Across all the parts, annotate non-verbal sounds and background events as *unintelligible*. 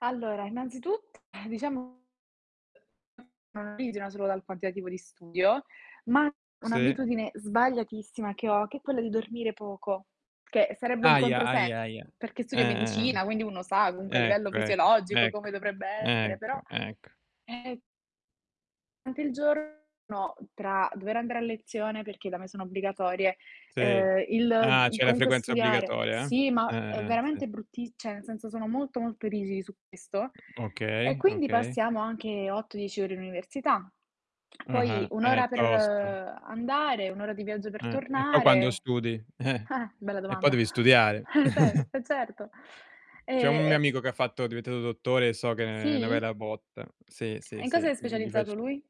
Allora, innanzitutt *sighs* diciamo solo dal quantitativo di studio, ma Sì. un'abitudine sbagliatissima che ho, che è quella di dormire poco, che sarebbe un Ahia, controsenso, ahia, ahia. perché studio Eh-eh, eh. medicina, quindi uno sa comunque a livello Ecco, ecco. fisiologico come Ecco, dovrebbe essere ecco, però, ecco. ehm rante il giorno, tra dover andare a lezione perché da me sono obbligatorie, Sì. uhm, Ah, il c'è la comunque frequenza studiare obbligatoria, sì, eh? ma è Eh-eh, eh. Sì, s veramente brutti cioè nel senso, sono molto, molto rigidi su questo e Okay, quindi okay. passiamo anche 8-10 ore in università. Poi Ah-ah, 1 è ora per tosta. andare, 1 ora di viaggio per Eh, e poi quando tornare studi? Eh. eh, bella E po' domanda. devi studiare. Eh vero, *chuckles* eh certo, certo. C'è un E, mio ehm amico che ha fatto è diventato dottore e so che è 'na Sì. bella botta. Sì, E sì, in cosa sì, è gl gli specializzato facci lui?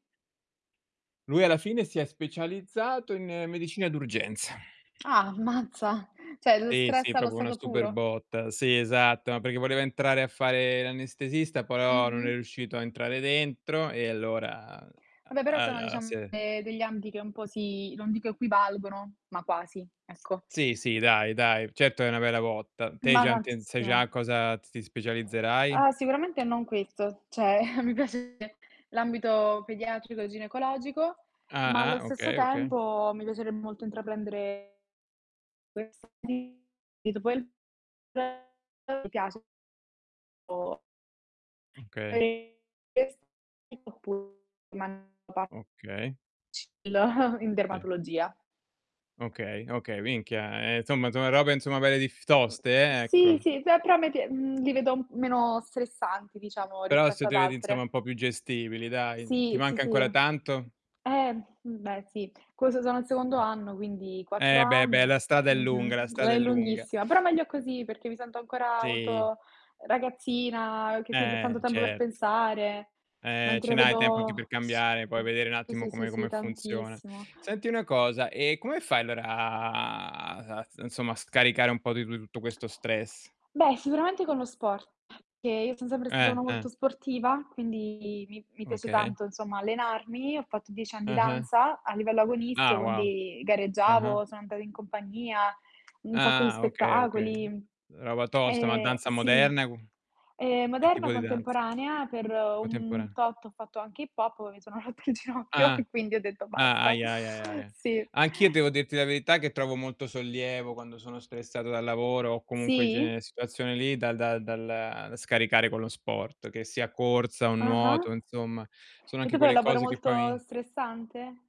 Lui alla fine si è specializzato in medicina d'urgenza. Ah, mazza, cioè lo Sì, stress sì, allo proprio una stato super puro. botta. Sì, esatto, ma perché voleva entrare a fare l'anestesista, poi oh, non è Mh-mh. riuscito a entrare dentro e allora, Vabbè però a sono a diciam se e degli ambiti che un po' si, non dico equivalgono, ma quasi, ecco. Sì, sì, dai, dai, certo che è una bella botta. Te hai Ma già intenz sai già tantissimo. in cosa t ti specializzerai? Ah, sicuramente non questo. Cioè, *chuckles* mi piace l'ambito pediatrico e ginecologico, ma allo Ah-ah, stesso okay, okay. tempo mi piacerebbe molto intraprendere *unintelligible* mi piace o Okay. *unintelligible* Okay. *unintelligible* *chuckles* in Sì. dermatologia. Okay, okay. Minchia, ehm, somma, sono robe insomma belle dif toste, ehm, Sì, ecco. sì, cioè però a me pie mhmm, li vedo meno stressanti, diciamo, Però se rispetto ad te vedi insomma altre. un po' più gestibili, dai. Ti Sì, sì, manca sì. ancora tanto? Ehm, mhmm, beh sì. *unintelligible* sono al secondo Mh. anno, quindi 4 Eh, beh, beh, anni. la strada è lunga, la Mh-mh. strada è È lunga. lunghissima, però meglio così perché mi sento ancora Sì. molto ragazzina, uhm, che quindi ho tanto Eh, tempo per cert pensare, Eh, ce mentre n'hai tempo anche per vedo s cambiare, poi vedere un sì, attimo sì, sì, come sì, come funziona. tantissimo. Senti una cosa: ehm, come fai allora a s insomma a scaricare un po' di tu tutto questo stress? Beh, sicuramente con lo sport, che io sono sempre stata Eh, una molto eh. sportiva, quindi mi mi piace Okay. tanto insomma allenarmi. Ho fatto 10 anni di Ah-ah. danza a livello agonistico, Ah, wow. quindi Ah-ah. gareggiavo, sono andata in compagnia, un sacco di Ah, okay, okay. spettacoli. Roba tosta, ma Ehm, danza sì. moderna qu Ehm, che moderna tipo di danza? contemporanea, per un Contemporane tot ho fatto anche hip hop, poi mi sono rotta il ginocchio Ah. e quindi ho detto Ah. basta. Ahia, ahia, ia, ahia. Sì. Anch'io devo dirti la verità che trovo molto sollievo quando sono stressato dal lavoro o comunque in Sì? genere situazioni lì, da da dal da scaricare con lo sport, che sia corsa o nuoto, Ah-ah. insomma, sono E anche tu fai un quelle lavoro cose che molto poi stressante?